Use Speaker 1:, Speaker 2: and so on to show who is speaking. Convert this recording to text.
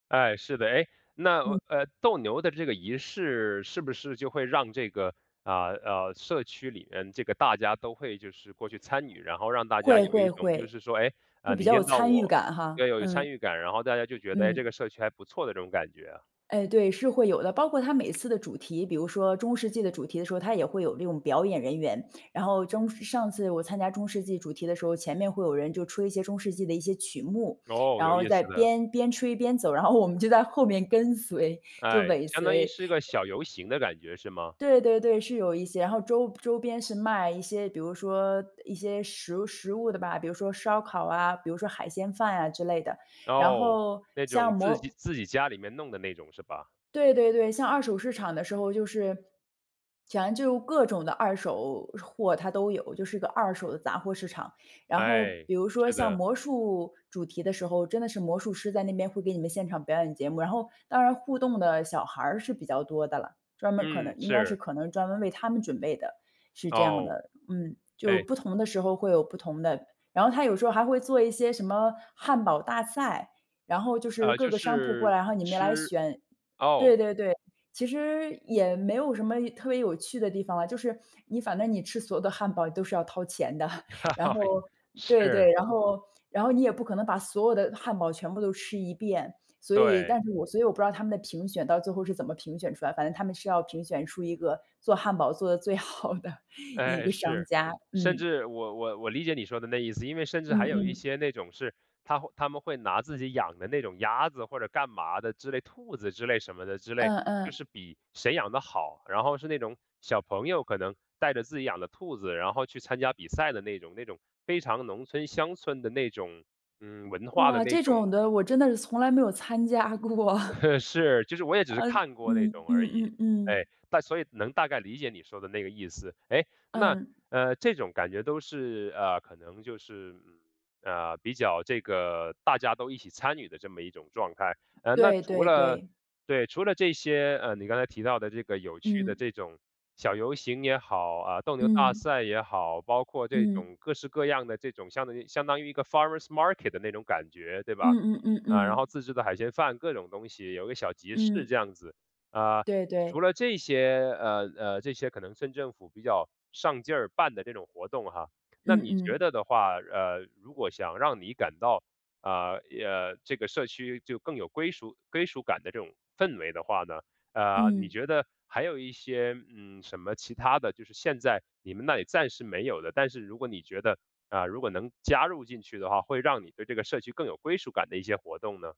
Speaker 1: 哎，是的。哎，那呃，
Speaker 2: 嗯。
Speaker 1: 呃，斗牛的这个仪式是不是就会让这个，呃，呃，社区里面这个大家都会就是过去参与，然后让大家
Speaker 2: 会
Speaker 1: 有一
Speaker 2: 会
Speaker 1: 种就
Speaker 2: 会，
Speaker 1: 是说，哎，
Speaker 2: 就
Speaker 1: 呃，
Speaker 2: 比
Speaker 1: 你
Speaker 2: 较有
Speaker 1: 见到
Speaker 2: 参与
Speaker 1: 我
Speaker 2: 感
Speaker 1: 要
Speaker 2: 哈，
Speaker 1: 有
Speaker 2: 嗯。
Speaker 1: 参与感。然后大家就觉得：“哎，这
Speaker 2: 嗯。
Speaker 1: 个社区还不错”的这种感觉啊？
Speaker 2: 哎，对，是会有的。包括它每次的主题，比如说中世纪的主题的时候，它也会有这种表演人员。然后中上上次我参加中世纪主题的时候，前面会有人就吹一些中世纪的一些曲目。
Speaker 1: 哦，
Speaker 2: 然
Speaker 1: 有
Speaker 2: 后
Speaker 1: 意
Speaker 2: 在
Speaker 1: 思的。
Speaker 2: 边边吹边走，然后我们就在后面跟随，就
Speaker 1: 哎，
Speaker 2: 尾
Speaker 1: 相当于
Speaker 2: 随。
Speaker 1: 是个
Speaker 2: 呃
Speaker 1: 小游行的感觉是吗？
Speaker 2: 对对对，是有一些。然后周周边是卖一些，比如说，呃，一些食食物的吧。比如说烧烤啊，比如说海鲜饭啊之类的。然
Speaker 1: 哦，
Speaker 2: 后
Speaker 1: 那
Speaker 2: 像
Speaker 1: 种自己
Speaker 2: 魔
Speaker 1: 自己家里面弄的那种是吧？
Speaker 2: 对对对，像二手市场的时候就是 反正就各种的二手货它都有，就是个二手的杂货市场。然后
Speaker 1: 哎，
Speaker 2: 比如说
Speaker 1: 是
Speaker 2: 像
Speaker 1: 的。
Speaker 2: 魔术主题的时候，真的是魔术师在那边会给你们现场表演节目，然后当然互动的小孩儿是比较多的了，专门可能
Speaker 1: 嗯，
Speaker 2: 应该是
Speaker 1: 是。
Speaker 2: 可能专门为他们准备的，是这样
Speaker 1: 哦。
Speaker 2: 的，嗯。就
Speaker 1: 哎。
Speaker 2: 不同的时候会有不同的然后它有时候还会做一些什么汉堡大赛，然后就是
Speaker 1: 呃，
Speaker 2: 各
Speaker 1: 就
Speaker 2: 个商铺过
Speaker 1: 是
Speaker 2: 来，然后你们来
Speaker 1: 吃
Speaker 2: 选
Speaker 1: 哦。
Speaker 2: 对对对，其实也没有什么有特别有趣的地方了，就是你反正你吃所有的汉堡都是要掏钱的，然后 对
Speaker 1: 是。
Speaker 2: 对，然后然后你也不可能把所有的汉堡全部都吃一遍。所以
Speaker 1: 对。
Speaker 2: 但是我所以我不知道他们的评选到最后是怎么评选出来，反正他们是要评选出一个做汉堡做得最好的一
Speaker 1: 呃，
Speaker 2: 个商
Speaker 1: 是，
Speaker 2: 家。
Speaker 1: 甚
Speaker 2: 嗯。
Speaker 1: 至我我我理解你说的那意思。因为甚至
Speaker 2: 嗯
Speaker 1: 还有一
Speaker 2: 嗯。
Speaker 1: 些那种是他会他们会拿自己养的那种鸭子或者干嘛的之类兔子之类什么的之类，
Speaker 2: 嗯
Speaker 1: 就
Speaker 2: 嗯。
Speaker 1: 是比谁养得好。然后是那种小朋友可能带着自己养的兔子，然后去参加比赛的那种那种非常农村、乡村的那种，嗯，文化的
Speaker 2: 哇，
Speaker 1: 那
Speaker 2: 这
Speaker 1: 种
Speaker 2: 种的我真的是从来没有参加过。
Speaker 1: 是，就是我也只是
Speaker 2: 呃，
Speaker 1: 看过那
Speaker 2: 嗯，
Speaker 1: 种
Speaker 2: 嗯
Speaker 1: 而已，
Speaker 2: 嗯
Speaker 1: 哎，
Speaker 2: 嗯。
Speaker 1: 但所以能大概理解你说的那个意思。哎，那
Speaker 2: 嗯。
Speaker 1: 呃，这种感觉都是呃，可能就是，嗯，呃，比较这个大家都一起参与的这么一种状态。呃，那
Speaker 2: 对
Speaker 1: 除
Speaker 2: 对
Speaker 1: 了
Speaker 2: 对。
Speaker 1: 对，除了这些，呃，你刚才提到的这个有趣的
Speaker 2: 嗯。
Speaker 1: 这种小游行也好，呃，斗牛大
Speaker 2: 嗯。
Speaker 1: 赛也好，包括这
Speaker 2: 嗯。
Speaker 1: 种各式各样的这种相当于相当于一个 forest market 那种感觉对吧？
Speaker 2: 嗯嗯嗯
Speaker 1: 呃，然后
Speaker 2: 嗯。
Speaker 1: 自制的海鲜饭，各种东西，有个小集市
Speaker 2: 嗯。
Speaker 1: 这样子。呃，
Speaker 2: 对对。
Speaker 1: 除了这些，呃，呃，这些可能村政府比较上劲儿办的这种活动哈，那
Speaker 2: 嗯
Speaker 1: 你觉
Speaker 2: 嗯。
Speaker 1: 得的话，呃，如果想让你感到，呃，呃，这个社区就更有归属归属感的这种氛围的话呢，呃，你
Speaker 2: 嗯。
Speaker 1: 觉得还有一些，嗯，什么其他的就是现在你们那里暂时没有的，但是如果你觉得，呃，如果能加入进去的话，会让你对这个社区更有归属感的一些活动呢？